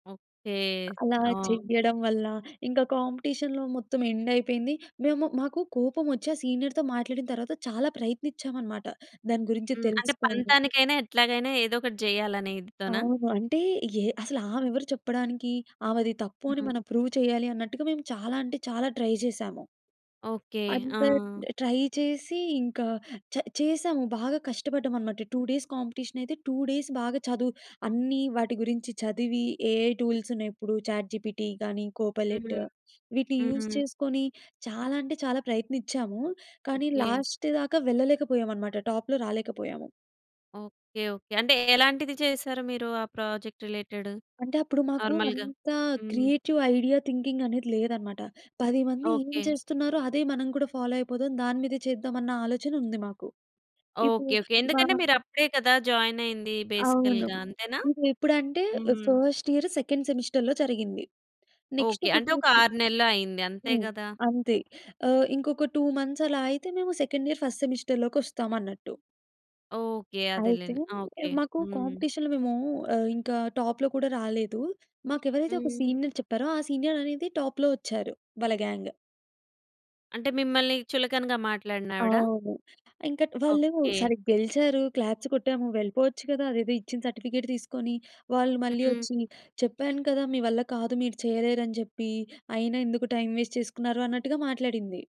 Okay. అలా ఆ! చెయ్యడం వల్ల. ఇంకా కాంపిటీషన్‌లో మొత్తం ఎండ్ అయిపోయింది. మేము మాకు కోపం వచ్చి, ఆ సీనియర్‌తో మాట్లాడిన తరువాత చాలా ప్రయత్నించాం అనమాట. దాని గురించి హ్మ్. అంటే తెలుసుకోవాలి. పంతానికైనా ఎట్లాగైనా ఏదో ఒకటి జెయ్యాలనే ఇదితోనా? అవును. అంటే ఏ అసలామెవరు చెప్పడానికి? ఆమెది తప్పు అని హ్మ్. మనం ప్రూవ్ చెయ్యాలి అన్నట్టుగా, మేము చాలా అంటే చాలా ట్రై చేసాము. ఓకే. అంత ఆ! ట్రై చేసి, ఇంకా చ చేసాము. బాగా కష్టపడ్డాం అనమాట. 2 డేస్ కాంపిటీషన‌యితే, 2 డేస్ బాగా చదువు అన్నీ వాటి గురించి చదివి, ఏఐ టూల్స్ ఉన్నయి ఇప్పుడు. చాట్ జీపీటీ గాని, కోపైలెట్ హ్మ్. వీటిని యూజ్ హ్మ్. చేసుకొని, చాలా అంటే చాలా ప్రయత్నించాము. కానీ ఓకే. లాస్ట్ దాకా వెళ్ళలేకపోయామనమాట. టాప్‌లో రాలేకపోయాము. ఓకే. ఓకే. అంటే ఎలాంటిది చేసారు మీరు ఆ ప్రాజెక్ట్ రిలేటెడ్ అంటే, అప్పుడు మాకు నార్మల్‌గా? అంత హ్మ్. క్రియేటివ్ ఐడియా థింకింగ్ అనేది లేదనమాట. పది మంది ఏం ఓకే. చేస్తున్నారో, అదే మనం కూడా ఫాలో అయిపోదాం. దాని మీదే చేద్దాం అన్న ఆలోచన ఉంది మాకు. ఇప్పుడు ఓకే. ఓకే. మా ఎందుకంటే మీరప్పుడే కదా జాయిన్ అయ్యింది. అవును. బేసికల్‌గా అంతేనా? ఇదెప్పుడంటే, ఆహ్, హ్మ్. ఫస్ట్ ఇయర్ సెకండ్ సెమిస్టర్‌లో జరిగింది. Next okay. ఒకటి అంటే ఒక చూసి 6 నెలలు అయింది. అంతే హ్మ్. గదా! అంతే. ఆహ్, ఇంకొక 2 మంత్స్ అలా అయితే, మేము సెకండ్ ఇయర్ ఫస్ట్ సెమిస్టర్‌లోకొస్తామన్నట్టు. ఓకే. అయితే, అదేలేండి. ఓకే. మాకు హ్మ్. కాంపిటీషన్‌లో మేము ఆహ్, ఇంకా టాప్‌లో కూడా రాలేదు. మాకెవరైతే ఒక హ్మ్. సీనియర్ చెప్పారో, ఆ సీనియర్ అనేది టాప్‌లో వచ్చారు. వాళ్ళ గ్యాంగ్. అంటే మిమ్మల్ని చులకనగా మాట్లాడినావిడ? అవును. ఇంకా వాళ్ళు ఓకే. సరే గెలిచారు. క్లాప్స్ కొట్టాము. వెళ్ళిపోవచ్చు గదా! అదేదో ఇచ్చిన సర్టిఫికేట్ తీసుకొని. వాళ్ళు మళ్ళీ హ్మ్. వచ్చి చెప్పాను కదా! మీ వల్ల కాదు, మీరు చేయలేరని జెప్పి, అయినా ఎందుకు టైమ్ వేస్ట్ చేసుకున్నారు అన్నట్టుగా మాట్లాడింది.